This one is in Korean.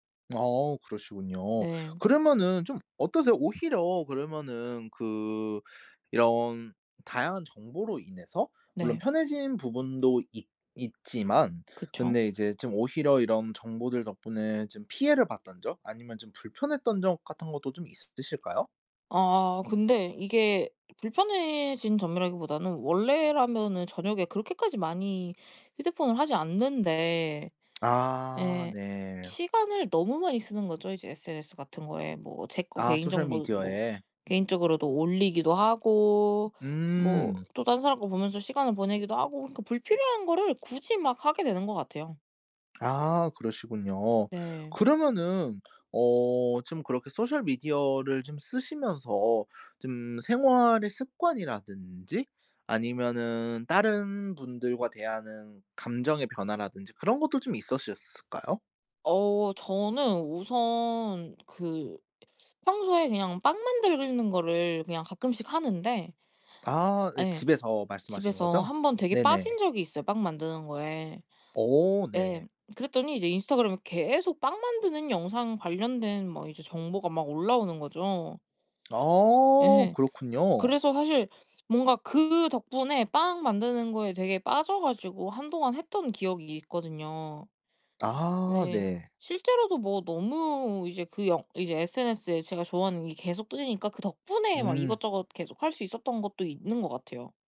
아 그러시군요. 네. 그러면은 좀 어떠세요? 오히려 그러면은 그 이런 다양한 정보로 인해서 물론 네. 편해진 부분도 있 있지만 그쵸. 근데 이제 좀 오히려 이런 정보들 덕분에 좀 피해를 봤던 적 아니면 좀 불편했던 적 같은 것도 좀 있으실까요? 어 근데 이게 불편해진 점이라기 보다는 원래라면은 저녁에 그렇게까지 많이 휴대폰을 하지 않는데 아 예. 네. 시간을 너무 많이 쓰는거죠 이제 SNS 같은 거에. 뭐 제 거 아 개인 정보도 뭐 소셜미디어에. 개인적으로도 올리기도 하고 뭐 으음. 또 딴 사람 거 보면서 시간을 보내기도 하고 그니까 불필요한 거를 굳이 막 하게 되는 것 같아요. 아 그러시군요. 네. 그러면은 어 좀 그렇게 소셜 미디어를 좀 쓰시면서 좀 생활의 습관이라든지 아니면은 다른 분들과 대하는 감정의 변화라든지 그런 것도 좀 있으셨을까요? 어 저는 우선 그 평소에 그냥 빵 만드는 거를 그냥 가끔씩 하는데 아 네. 예. 집에서 집에서 말씀하시는거죠? 한번 되게 빠진 네네. 적이 있어요 빵 만드는 거에. 오 예. 네. 그랬더니 이제 인스타그램에 계속 빵 만드는 영상 관련된 막 이제 정보가 막 올라오는거죠. 아 예. 그렇군요. 그래서 사실 뭔가 그 덕분에 빵 만드는 거에 되게 빠져 가지고 한동안 했던 기억이 있거든요. 아 네. 네. 실제로도 뭐 너무 이제 그 영 이제 SNS에 제가 좋아하는 게 계속 뜨니까 그 덕분에 막 음. 이것저것 계속 할 수 있었던 것도 있는 거 같아요.